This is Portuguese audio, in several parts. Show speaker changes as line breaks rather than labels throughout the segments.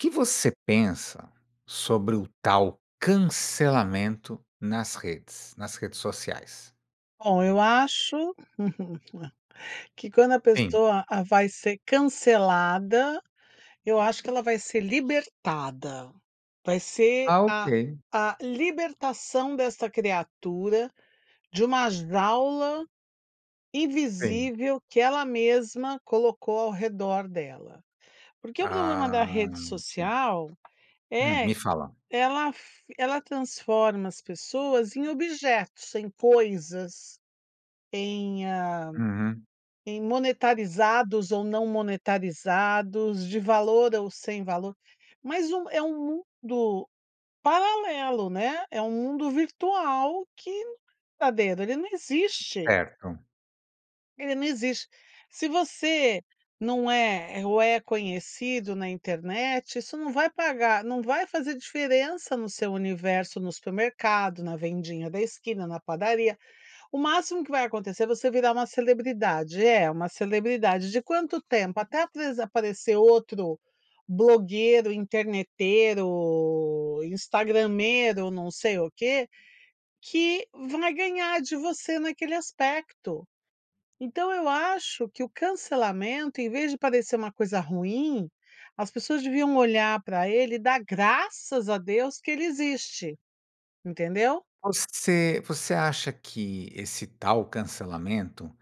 O que você pensa sobre o tal cancelamento nas redes nas redes sociais?
Bom eu acho, que quando a
Sim.
pessoa a vai ser cancelada, eu acho que ela vai ser libertada, vai ser
Ah,
a
ok.
a libertação desta criatura, de uma jaula
Sim.
invisível que ela mesma colocou ao redor dela. Porque o problema da
Ah,
rede
ent
social,
Hum,
é
me
q
fala.
ela f ela transforma as pessoas em objetos, em coisas, em, hã,
Uhum.
em monetarizados ou não monetarizados, de valor ou sem valor, mas um é um mundo paralelo, né, é um mundo virtual que não é verdadeiro. Ele não existe.
Certo.
Ele não existe. Se você não é ou é conhecido na internet, isso não vai pagar não vai fazer diferença no seu universo, no supermercado, na vendinha da esquina, na padaria. O máximo que vai acontecer, é você virar uma celebridade. É uma celebridade, de quanto tempo? Até apres aparecer outro blogueiro, interneteiro, instagrameiro, não sei o quê. Que vai ganhar de você naquele aspecto. Então, eu acho que o cancelamento, em vez de parecer uma coisa ruim, as pessoas deviam olhar pra ele e dar graças a Deus que ele existe. Entendeu?
Você você acha que esse tal cancelamento,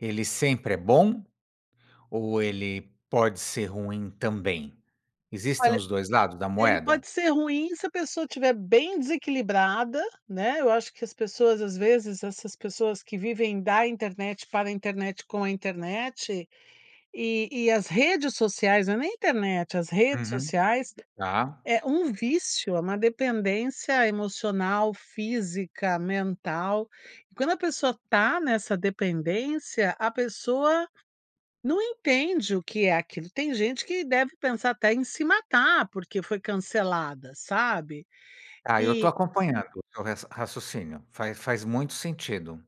ele sempre é bom? Ou ele pode ser ruim também? Existem
Olha,
os dois lados da
ele
moeda?
pode ser ruim se a pessoa estiver bem desequilibrada, né? Eu acho que as pessoas, às vezes, essas pessoas que vivem da internet, para internet, com a internet. E e as redes sociais, não é nem internet, as redes
Uhum,
sociais
tá.
é um vício, é uma dependência, emocional, física, mental. E quando a pessoa tá nessa dependência, a pessoa não entende o que é aquilo. Tem gente que deve pensar até em se matar porque foi cancelada, sabe.
Ah, eu tô
E
acompanhando o seu raci raciocínio, faz faz muito sentido.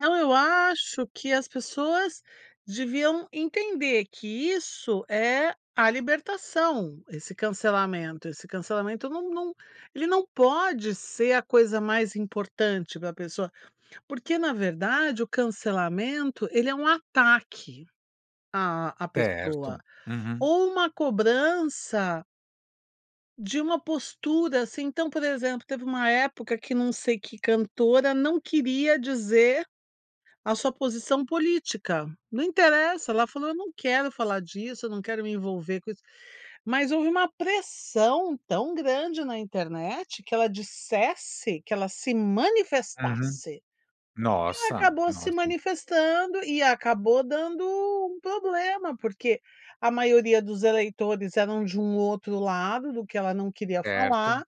Então, eu acho que as pessoas deviam entender que isso é a libertação, esse cancelamento. Esse cancelamento num num ele não pode ser a coisa mais importante para a pessoa. Porque na verdade o cancelamento ele é um ataque a a pessoa,
Certo. Uhum.
ou uma cobrança de uma postura assim, então por exemplo, teve uma época que não sei que cantora não queria dizer a sua posição política. Não interessa, ela falou: "Eu não quero falar disso, eu não quero me envolver com isso." Mas houve uma pressão tão grande na internet, que ela dissesse, que ela se
Uhum.
manifestasse. E ela
Nossa,
acabou se
nossa.
manifestando e acabou dando um problema. Porque a maioria dos eleitores eram de um outro lado, do que ela não queria
Certo,
falar,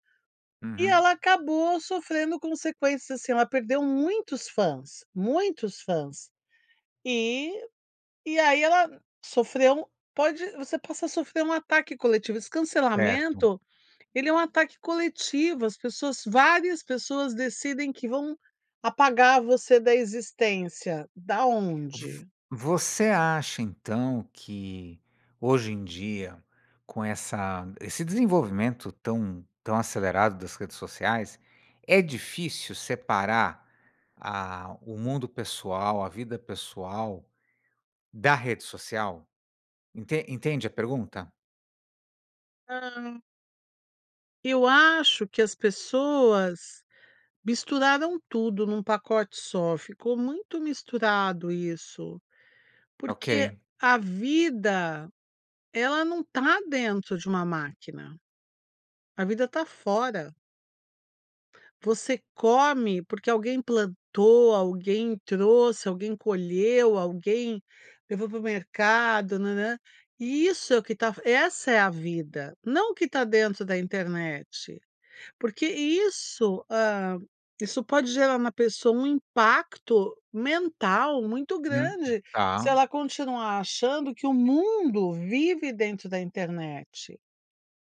e
uhum.
ela acabou sofrendo consequências, assim, ela perdeu muitos fãs, muitos fãs, e e aí ela sofreu pode você possa sofrer um ataque coletivo, esse
Certo.
cancelamento ele é um ataque coletivo, as pessoas várias pessoas decidem que vão apagar você da existência. Da
Vo
onde?
você acha então que, hoje em dia, com essa esse desenvolvimento tão tão acelerado das redes sociais, é difícil separar, ah, o mundo pessoal, a vida pessoal, da rede social? Ente entende a pergunta?
Hã. Eu acho que as pessoas misturaram tudo num pacote só, ficou muito misturado isso. Porque
Ok.
a vida, ela não tá dentro de uma máquina. A vida tá fora. Você come porque alguém plantou, alguém trouxe, alguém colheu, alguém levou para o mercado, nã, nã, e isso é o que tá essa é a vida. Não o que tá dentro da internet. Porque isso, hã, isso pode gerar na pessoa um impacto mental muito
Uhum,
grande, se
tá.
ela continuar achando que o mundo vive dentro da internet.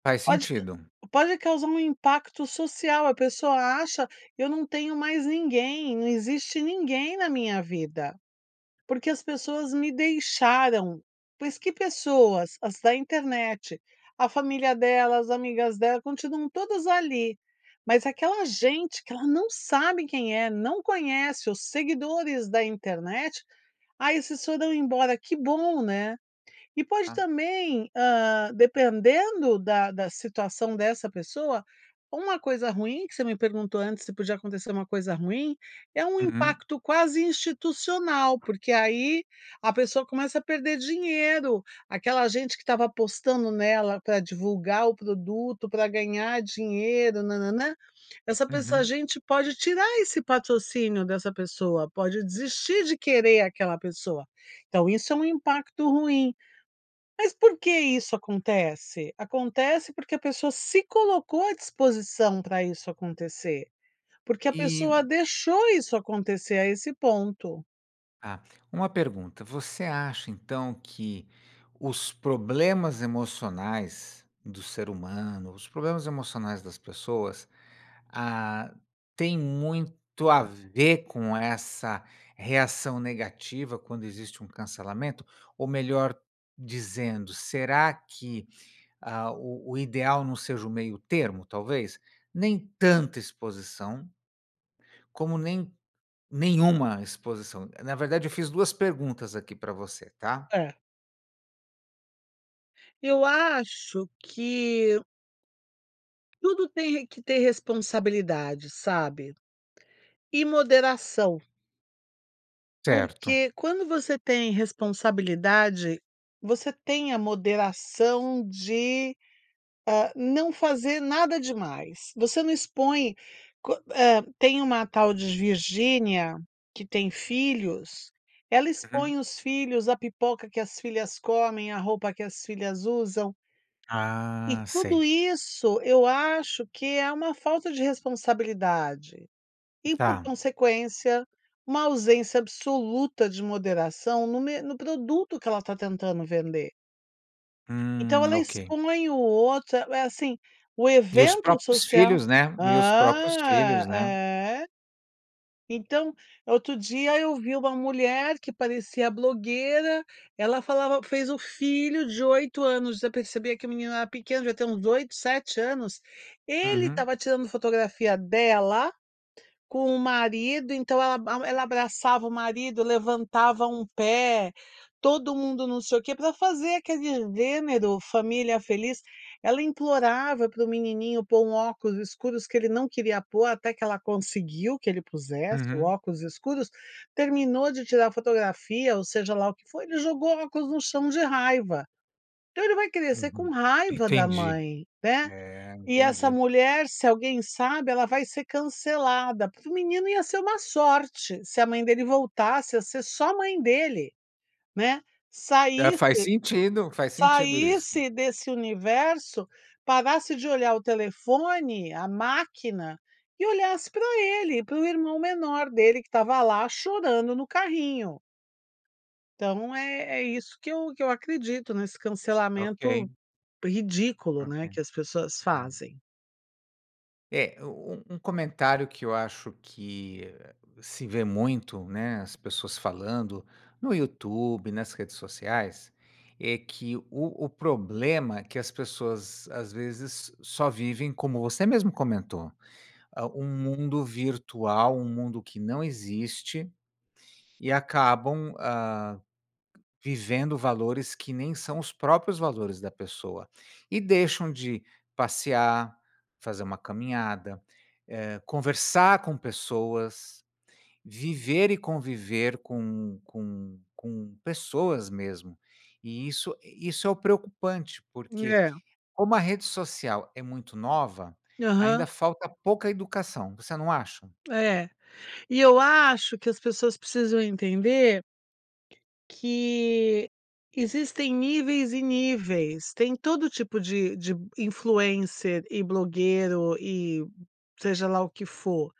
Faz
Pode ca
sentido.
pode causar um impacto social, a pessoa acha. "Eu não tenho mais ninguém, não existe ninguém na minha vida, porque as pessoas me deixaram." Mas que pessoas? As da internet. A família dela, as amigas dela, continuam todas ali, mas aquela gente que ela não sabe quem é, não conhece, os seguidores da internet. "Aí esses foram embora." Que bom, né? E pode
Tá.
também, hã, dependendo da da situação dessa pessoa, uma coisa ruim, que você me perguntou antes se podia acontecer uma coisa ruim. É o
Uhum.
impacto quase institucional, porque aí a pessoa começa a perder dinheiro, aquela gente que estava apostando nela pra divulgar o produto, pra ganhar dinheiro, na, na, nã. Essa pessoa a
Uhum.
gente pode tirar esse patrocínio dessa pessoa, pode desistir de querer aquela pessoa. Então isso é um impacto ruim. Mas por que isso acontece? Acontece porque a pessoa se colocou à disposição pra isso acontecer. Porque a
E
pessoa deixou isso acontecer a esse ponto.
Tá. Uma pergunta: Você acha então que os problemas emocionais do ser humano, os problemas emocionais das pessoas, ah, tem muito a ver com essa reação negativa quando existe um cancelamento? Ou melhor dizendo, será que a o o ideal não seja o meio termo talvez? Nem tanta exposição como nem nenhuma exposição. Na verdade eu fiz 2 perguntas aqui pra você, tá?
É. Eu acho que tudo tem re que ter responsabilidade, sabe. E moderação.
Certo.
Porque quando você tem responsabilidade, você tem a moderação de, hã, não fazer nada demais. Você não expõe qu eh, tem uma tal de Virgínia que tem filhos, ela
Uhum.
expõe os filhos, a pipoca que as filhas comem, a roupa que as filhas usam. E,
Ah,
tudo
sei.
isso, eu acho que é uma falta de responsabilidade. E por
Tá.
consequência, uma ausência absoluta de moderação no me no produto que ela está tentando vender. Então
Hum,
ela
ok.
expõe o outro, é é assim, o
E os
evento
próprios
social.
filhos, né. E os próprios
Hã.
filhos, né.
É. Então, outro dia, eu vi uma mulher que parecia blogueira, ela falava fez o filho de 8 anos, já percebia que o menino era pequeno, devia ter uns 8, 7 anos, ele
Uhum.
estava tirando fotografia dela com o marido. Então ela a mu ela abraçava o marido levantava um pé, todo mundo não sei o que, pra fazer aquele gênero família feliz. Ela implorava pro menininho pôr um óculos escuros, que ele não queria pôr, até que ela conseguiu que ele pusesse o
Uhum.
óculos escuros. Terminou de tirar fotografia ou, seja lá o que foi, ele jogou o óculos no chão de raiva. Então ele vai crescer com
Uhum.
raiva da
Entendi,
mãe, né.
eh,
E essa
entendi.
mulher, se alguém sabe, ela vai ser cancelada para o menino ia ser uma sorte, se a mãe dele voltasse a ser só a mãe dele, né,
É,
saísse
faz sentido, faz sentido isso.
saísse desse universo parasse de olhar o telefone, a máquina, e olhasse pra ele, para o irmão menor dele que estava lá chorando no carrinho. Então, é é isso que eu que eu acredito, nesse cancelamento
Ok.
ridículo,
Ok.
né, que as pessoas
É.
fazem.
É, um um um comentário que eu acho que se vê muito, né, as pessoas falando, no Youtube, nas redes sociais, é que o o problema é que as pessoas, às vezes, só vivem como você mesmo comentou, hã, um mundo virtual, um mundo que não existe, e acabam, hã, vivendo valores que nem são os próprios valores da pessoa. E deixam de: passear, fazer uma caminhada, eh, conversar com pessoas, viver e conviver com com com pessoas mesmo. E isso e isso é o preocupante, porque
É.
como a rede social é muito nova,
Aham.
ainda falta pouca educação, você não acha?
É. E eu acho que as pessoas precisam entender que existem níveis e níveis. Tem todo tipo de de influencer e blogueiro, e seja lá o que for,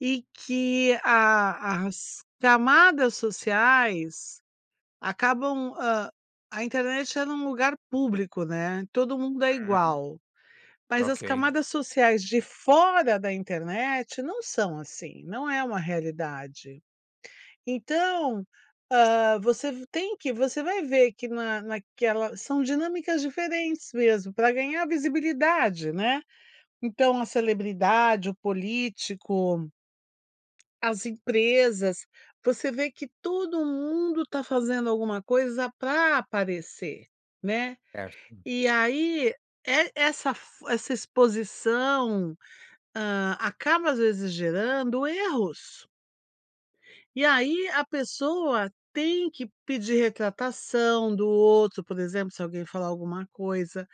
e que a as camadas sociais acabam, hã, a internet ela é um lugar público, né, todo mundo é
Aham.
igual, mas as
Ok.
camadas sociais de fora da internet não são assim, não é uma realidade. Então, hã, você ve tem que, você vai ver que na naquela são dinâmicas diferentes mesmo para ganhar visibilidade, né, então a celebridade, o político as empresas, você vê que todo mundo tá fazendo alguma coisa pra aparecer, né.
Certo.
E aí e essa fo essa exposição, hã, acaba às vezes, gerando erros. E aí, a pessoa tem que pedir retratação do outro, por exemplo, se alguém falar alguma coisa,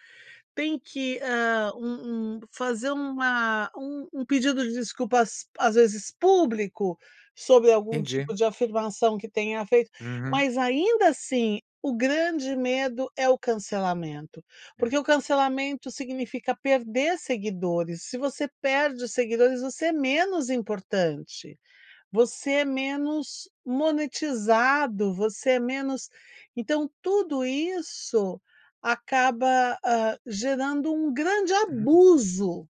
tem que, hã, um um fazer uma um um pedido de desculpas, às vezes, público sobre algum tipo
Entendi.
de afirmação que tenha feito,
Uhum.
mas ainda assim o grande medo é o cancelamento,
É.
porque o cancelamento significa perder seguidores, se você perde seguidores, você é menos importante, você é menos monetizado, você é menos então tudo isso acaba, hã, gerando um grande
[unintelligible]
abuso.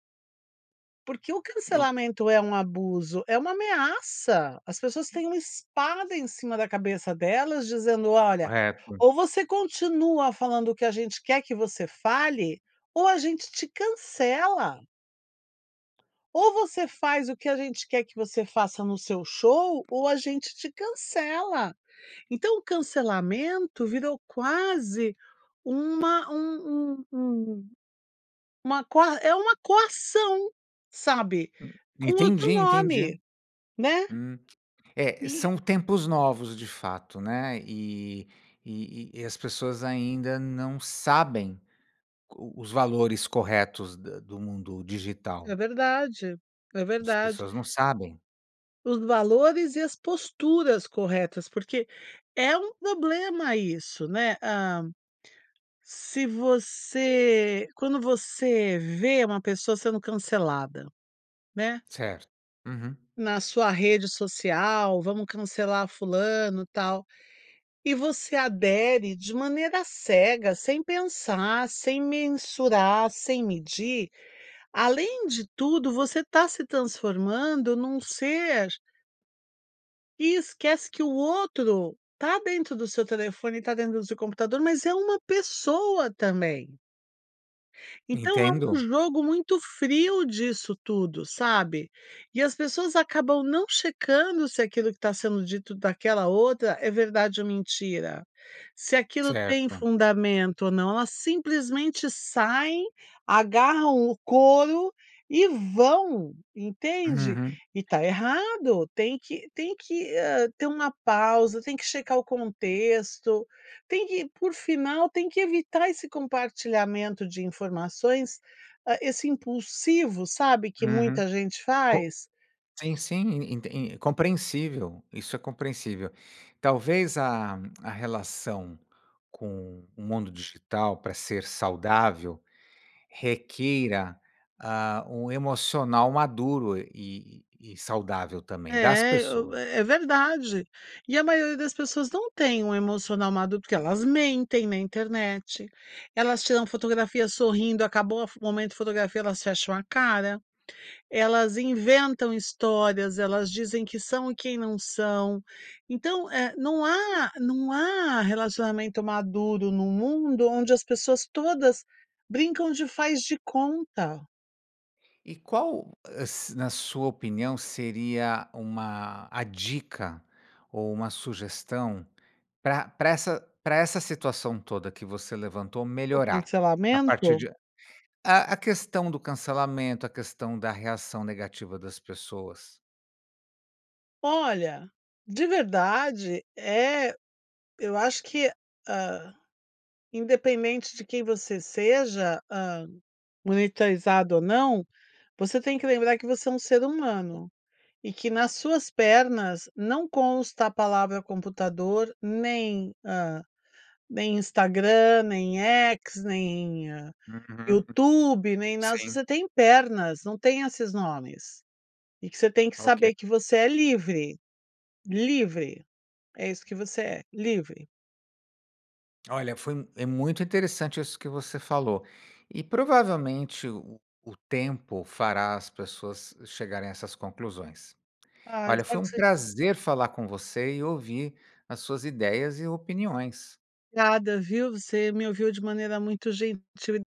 Porque o
Eu
cancelamento é um abuso, é uma ameaça. As pessoas têm uma espada em cima da cabeça delas dizendo: "Olha,
Correto.
ou você continua falando o que a gente quer que você fale ou a gente te cancela." "Ou você faz o que a gente quer que você faça no seu show ou a gente te cancela." Então, o cancelamento virou quase uma um um um uma coa é uma coação, sabe,
Hum.
com
Entendi,
outro
entendi.
nome, né?
Hum, é,
E
são tempos novos, de fato, né. E e e as pessoas ainda não sabem qu os valores corretos da do mundo
É
digital.
verdade. É
As
verdade.
pessoas não sabem.
Os valores e as posturas corretas, porque é um problema isso né, hã. Se você quando você vê uma pessoa sendo cancelada, né.
Certo, uhum.
Na sua rede social, vamos cancelar fulano, tal. E você adere de maneira cega, sem pensar, sem mensurar, sem medir, além de tudo você tá se transformando num ser E esquece que o outro tá dentro do seu telefone, tá dentro do seu computador, mas é uma pessoa também. Então é um
Entendo.
jogo muito frio disso tudo, sabe? E as pessoas acabam não checando se aquilo que tá sendo dito daquela outra é verdade ou mentira, se aquilo tem
Certo.
fundamento ou não. Elas simplesmente saem, agarram o couro e vão, entende?
Uhum.
E tá errado, tem que tem que, hã, ter uma pausa, tem que checar o contexto, tem que por final tem que evitar esse compartilhamento de informações, hã, esse impulsivo, sabe, que
Uhum,
muita gente
co
faz?
sim, sim enten en compreensível, isso é compreensível. Talvez a a relação com o mundo digital pra ser saudável, requeira, ah, o emocional maduro e e saudável também das
É, e o
pessoas.
é verdade. E a maioria das pessoas não tem um emocional maduro, porque elas mentem na internet, elas tiram fotografia sorrindo acabou a fo o momento fotografia elas fecham a cara. Elas inventam histórias, elas dizem que são e quem não são. Então não há não há relacionamento maduro num mundo onde as pessoas todas brincam de faz de conta.
E qual es na sua opinião, seria uma a dica ou uma sugestão pra pra essa pra essa situação toda que você levantou
O
melhorar, a partir
cancelamento?
de a A questão do cancelamento? A questão da reação negativa das pessoas?
Olha, de verdade eh, eu acho que, hã, independentemente de quem você seja, hã, monitorizado ou não, você tem que lembrar que você é um ser humano e que nas suas pernas não consta a palavra computador, nem hã, nem Instagram, nem X, nem
Uhum. Uhum.
YouTube, nem nada. Se
Sim.
você tem pernas, não tem esses nomes e que você tem que
Ok.
saber que você é livre. Livre! É isso que você é: livre.
Olha, foi é muito interessante isso que você falou e provavelmente o o o tempo fará as pessoas hã chegarem a essas conclusões.
Ah
Olha, foi
espero
um
que se
prazer falar com você e ouvir as suas ideias e opiniões.
Obrigada, viu? Você me ouviu de maneira muito gentil e